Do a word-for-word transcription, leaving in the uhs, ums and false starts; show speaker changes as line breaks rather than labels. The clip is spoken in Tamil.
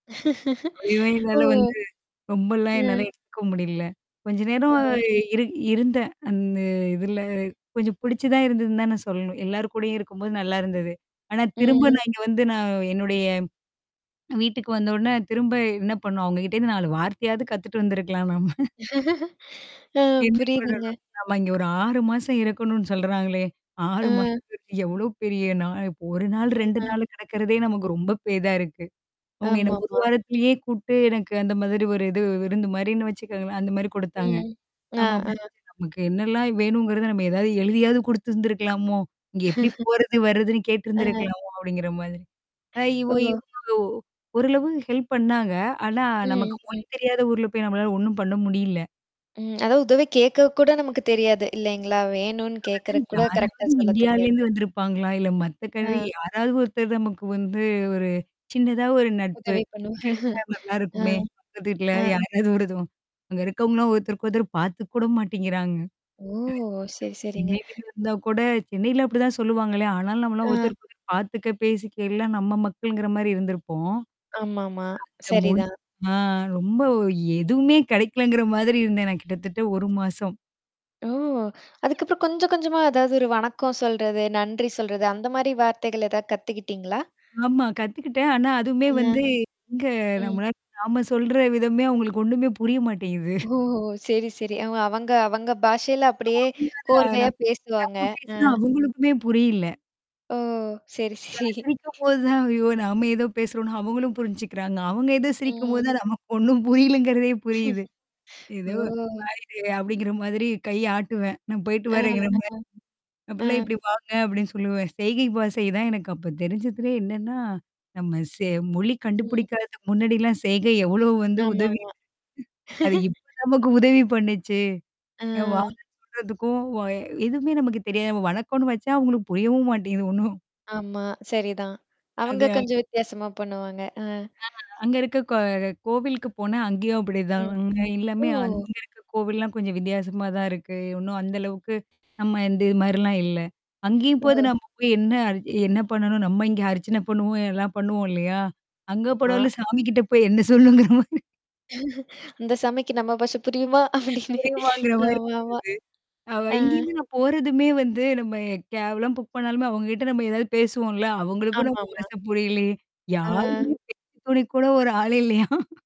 ஐயோ! என்னால
ஓ!
வந்து, ரொம்பலாம் என்னால
ம்.
எடுத்துக்க முடியல. கொஞ்ச நேரம்
ம்.
இரு இருந்தேன், அந்த இதுல கொஞ்சம் புடிச்சு தான் இருந்ததுன்னு தான் நான் சொல்லணும். எல்லார் கூடயும் இருக்கும்போது நல்லா இருந்தது. ஆனா, திரும்ப
ம்.
நான் இங்க வந்து நான் என்னுடைய வீட்டுக்கு வந்த உடனே திரும்ப என்ன பண்ணும் அவங்ககிட்டேருந்து நாலு வார்த்தையாவது கத்துட்டு வந்திருக்கலாம் நாம
அ
என்ன
புரியுதுங்க.
பண்ணணும்? நம்ம இங்க ஒரு ஆறு மாசம் இருக்கணும்னு சொல்றாங்களே, ஆறு
அ.
மாசம்ன்றது எவ்ளோ பெரிய நாள் இப்ப ஒரு நாள் ரெண்டு
ஆ.
நாள் கிடக்குறதே நமக்கு ரொம்ப பெரிதா இருக்கு. அவங்க என்ன ஒரு
ஆமாமா.
வாரத்திலயே கூப்பிட்டு எனக்கு அந்த மாதிரி ஒரு இது விருந்து மாரின்னு வச்சுக்கோங்களேன், அந்த மாரி குடுத்தாங்க.
ம். அ,
ஆமா, அப்டிருந்துச்சு
அ.
நமக்கு என்னலாம் வேணுங்கிறத நம்ம ஏதாவது எழுதியாவது குடுத்திருந்திருக்கலாமோ! இங்க எப்படி போறது, வருதுன்னு
ஆ.
கேட்டருந்திருக்கலாமோ அப்படிங்கிற மாதிரி. அ இவ
ஓ.
இவங்க ஓ ஓரளவு ஹெல்ப் பண்ணாங்க. ஆனா நமக்கு
ம்,
மொழி
ம்.
தெரியாத ஊர்ல போய் நம்மளால ஒண்ணும் பண்ண முடியல.
ம். அதாவது உதவி கேட்க கூட நமக்கு தெரியாது, இல்லைங்களா? வேணும்னு
அதான்
கேக்கறக் கூட கரெக்ட்டா
யாராவது
சொல்ல தெரியாது.
இந்தியாலேருந்து வந்திருப்பாங்களா? இல்ல மத்த கன்ட்ரி
ஆ.
யாராவது ஒருத்தர் நமக்கு வந்து ஒரு சின்னதா ஒரு நட்பு
உதவி பண்ணுவோம்
கிடைச்சா
ஆ.
நல்லாருக்குமே. பக்கத்துல வீட்ல
ஆ.
யாராவதும் அங்க இருக்கவங்கள்லாம் ஒருத்தருக்கு ஒருத்தர் பார்த்துக்க கூட மாட்டேங்கிறாங்க.
ஓ! சரி,
நம்ம
சரிங்க.
சென்னையிலருந்து வந்தா கூட, சென்னையில அப்படிதான் சொல்லுவாங்களே, ஆனாலும் நம்மலாம்
ஆ.
ஒருத்தருக்கு ஒருத்தர் பார்த்துக்க, பேசிக்க, எல்லாம் நம்ம மக்கள்ங்கிற மாரி இருந்திருப்போம்.
ஆமாமா.
அங்க மொழி
சரிதான்.
ஆ ரொம்ப எதுவுமே கிடைக்கலங்கிற மாதிரி இருந்தேன் நான் கிட்டத்தட்ட ஒரு மாசம்.
ஓ! அதுக்கப்புறம் கொஞ்சம் கொஞ்சமா ஏதாவது ஒரு வணக்கம் சொல்றது, நன்றி சொல்றது. அந்த மாரி வார்த்தைகள் ஏதாவது கத்துக்கிட்டீங்களா?
ஆமா, கத்துக்கிட்டேன். ஆனா அதுவுமே
ஆ,
வந்து எங்க
ம்.
நம்மளால நாம சொல்ற விதமே அவங்களுக்கு ஒண்ணுமே புரிய மாட்டேங்குது.
ஓஹோ! சரி, சரி. அவ அவங்க அவங்க பாஷையில அப்படியே
ஆம்.
கோர்வையா பேசுவாங்க.
நம்ம
அ.
பேசினா அவங்களுக்குமே புரியல.
ஓ! சரி,
நான்
சரி.
சிரிக்கும் போது தான், ஐயோ! நாம ஏதோ பேசுறோம்னு அவங்களும் புரிஞ்சுக்கிறாங்க. அவங்க ஏதோ சிரிக்கும்போது
ம்.
தான் நமக்கு ஒண்ணும் புரியலங்கிறதே புரியுது. ஏதோ
ஓ!
[unintelligible] அப்படிங்கிற மாதிரி கைய ஆட்டுவேன். நான் போய்ட்டு
ம்.
வரேங்கிற மாரி.
ம்.
அப்டிலாம்
ம்.
இப்படி வாங்க, அப்ப்டின்னு சொல்லுவேன். செய்கை பாஷை தான் எனக்கு அப்ப தெரிஞ்சதுலே என்னன்னா, நம்ம சே மொழி
ம்.
கண்டுபிடிக்காததுக்கு முன்னாடிலாம் செய்கை எவ்வளோ வந்து உதவி
ஆமாமா.
அது இப்ப நமக்கு உதவி அது இப்ப நமக்கு பண்ணுச்சே! ஏ
ஆ.
வாங்கண்ணு சொல்றதுக்கும் வ எதுவுமே நமக்கு தெரியாது. வணக்கோம்னு வச்சா அவங்களுக்கு புரியவும் மாட்டேங்குது ஒண்ணும்.
ஆமா. சரிதான். அவங்க
அதான்.
கொஞ்சம் வித்தியாசமா பண்ணுவாங்க. அ.
அ அங்க இருக்க கோ கோவிலுக்கு போனா அங்கேயும் அப்படிதான்.
ம்.
எல்லாமே
ஓ!
அங்க இருக்க கோவில்லாம் கொஞ்சம் வித்தியாசமா தான் இருக்கு. இன்னும் அந்த அளவுக்கு, நம்ம இந்த இது மாரிலாம் இல்ல. அங்கேயும்
ஓ.
போது நம்ம போய் என்ன அரி என்ன பண்ணணும்? நம்ம இங்கே அரிச்சனை பண்ணுவோம் எல்லாம் பண்ணுவோம் இல்லையா? அங்க
ஆ.
போனாலும் சாமி கிட்ட போய் என்ன சொல்லணுங்கிற மாரி
இந்த சாமிக்கு நம்ம பாஷ புரியுமா? அப்படின்னு.
புரியுமாங்கிற மாரி இருந்தது.
ஆமாமா.
அவ
ம்.
இங்கேருந்து நான் போறதுமே வந்து நம்ம கேப்லாம் புக் பண்ணாலுமே அவங்ககிட்ட நம்ம ஏதாவது பேசுவோம்ல, அவங்களுக்கும் நம்ம
ஆமாமா.
பாஷ புரியலே.
ஆ.
யாரும் பேச்சுதுணை கூட ஒரு ஆள் இல்லையா?